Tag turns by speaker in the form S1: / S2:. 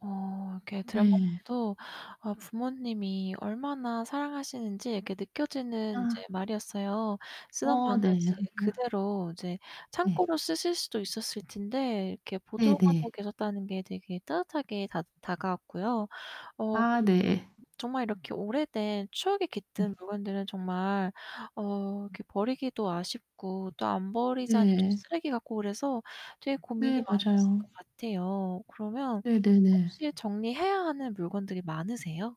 S1: 어. 이렇게 들어만
S2: 네.
S1: 봐도 아 부모님이 얼마나 사랑하시는지 이렇게 느껴지는 이제
S2: 아.
S1: 말이었어요. 쓰던
S2: 어
S1: 방을
S2: 네.
S1: 이제
S2: [unintelligible]
S1: 그대로 이제
S2: 네.
S1: 창고로 쓰실 수도 있었을 텐데 이렇게 보존하고
S2: 네네.
S1: 계셨다는 게 되게 따뜻하게 다 다가왔고요. 어,
S2: 아,
S1: 그리고
S2: 네.
S1: 정말 이렇게 오래된 추억이
S2: 네.
S1: 깃든 물건들은 정말 어 이렇게 버리기도 아쉽고 또 안 버리자니 또
S2: 네.
S1: 쓰레기 같고 그래서 되게 고민이
S2: 네,
S1: 많으실
S2: 맞아요.
S1: 것 같애요. 그러면
S2: 네네네.
S1: 혹시 정리해야 하는 물건들이 많으세요?